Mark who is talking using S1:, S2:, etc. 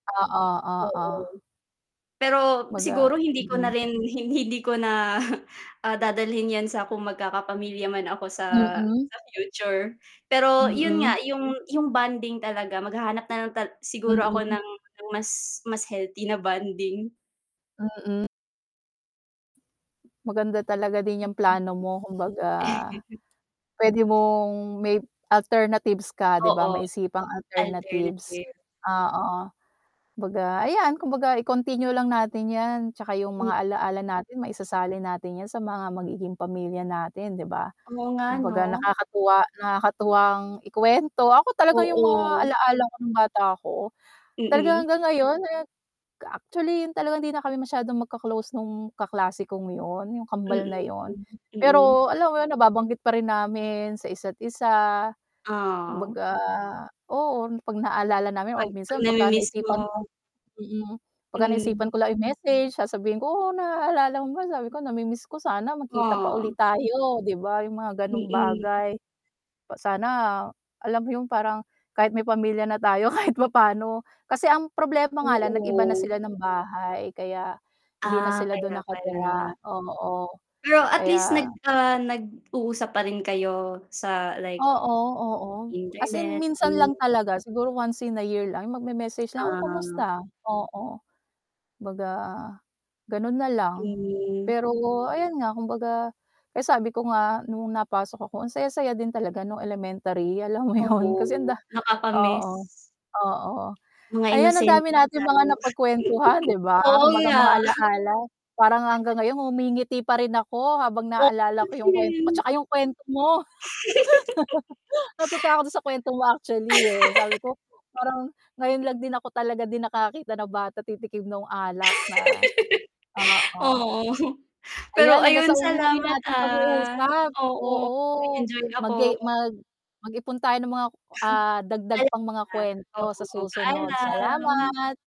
S1: Oo, oo.
S2: Mm. Pero,
S1: Baga
S2: siguro hindi ko na
S1: mm.
S2: rin hin hindi ko na, ah, dadalhin yan sa kung magkakapamilya man ako sa
S1: Mm.
S2: sa future. Pero yun nga,
S1: Mm.
S2: yung yung bonding talaga maghahanap na lang tal siguro ako
S1: Mm.
S2: ng mas mas healthy na bonding.
S1: Mm. Maganda talaga din yung plano mo
S2: [unintelligible]
S1: kumbaga, pwede mong may alternatives ka 'di ba
S2: Oo,
S1: maisipang alternatives.
S2: alternative.
S1: Ah, oo. Kumbaga ayan, kumbaga i-continue lang natin yan, tsaka yung
S2: Mm.
S1: mga ala-ala natin maisasalin natin yan sa mga magiging pamilya natin 'di ba?
S2: Oo nga 'no?
S1: Kumbaga nakakatuwa nakakatuwang ikuwento, ako talaga yung mga
S2: Oo.
S1: alaala ko nung bata ako, talaga
S2: Mm.
S1: hanggang ngayon eh, actually talagang hindi na kami masyadong magka-close nung kaklase kong yun, yung kambal na
S2: Mm,
S1: yun.
S2: mm.
S1: Pero alam mo yun nababanggit pa rin namin sa isa't isa.
S2: Ah.
S1: Kumbaga, oo 'pag naalala namin or
S2: 'Pag 'pag
S1: minsan pagka
S2: namimiss
S1: naisipan ko
S2: mo.
S1: mm. Pagka naisipan
S2: Hmm.
S1: ko lang yung i-message sasabihin ko, "Oh, naalala mo ba," sabi ko, "namimiss ko. Sana magkita pa ulit
S2: Aw.
S1: tayo," 'di ba yung mga ganong
S2: Mm.
S1: bagay. Pa sana, alam mo yung parang kahit may pamilya na tayo kahit papano, kasi ang problema nga lang nag-iba na
S2: Oo.
S1: sila ng bahay kaya, hindi na
S2: Ah,
S1: sila dun
S2: kaya
S1: nakatira,
S2: pala.
S1: oo
S2: Pero at least nag
S1: kaya
S2: ah, nag-uusap pa rin kayo, sa like
S1: Oo, oo. As in
S2: internet,
S1: minsan
S2: mm.
S1: lang talaga, siguro once in a year lang, yung mag-me-message lang, "Oh,
S2: Ah.
S1: kumusta?" oo, kumbaga, ganun na lang.
S2: Mm.
S1: Pero, ayan nga kumbaga, kaya sabi ko nga nung napasok ako, ang saya-saya din talaga nung elementary, alam mo yun, kasi ang
S2: Oo,
S1: da
S2: nakaka-miss.
S1: oo, oo.
S2: Mga
S1: Ayan, ang
S2: inosente
S1: dami
S2: pa
S1: nating mga
S2: tayo.
S1: napagkwentuhan 'di ba?
S2: Oo
S1: Kumbaga mga
S2: nga.
S1: alaala, parang hanggang ngayon ngumingiti pa rin ako habang
S2: O
S1: naalala
S2: ako
S1: ko yung kwento ko,
S2: din.
S1: tsaka yung kwento mo. Natutuwa ako dun sa kwento mo actually, eh, sabi ko, parang ngayon lang din ako talaga din nakakakita ng bata titikim nung alak na oo.
S2: Oo, pero
S1: Ayan, hanggang
S2: ayun
S1: sa muli
S2: salamat,
S1: nating
S2: ah.
S1: pag-uusap,
S2: Oo,
S1: oo.
S2: nag-enjoy ako.
S1: Magay mag mag-ipon tayo ng mga ah, dagdag
S2: Alam
S1: pang mga
S2: na.
S1: kwento sa
S2: Oo,
S1: susunod.
S2: paalam.
S1: Salamat.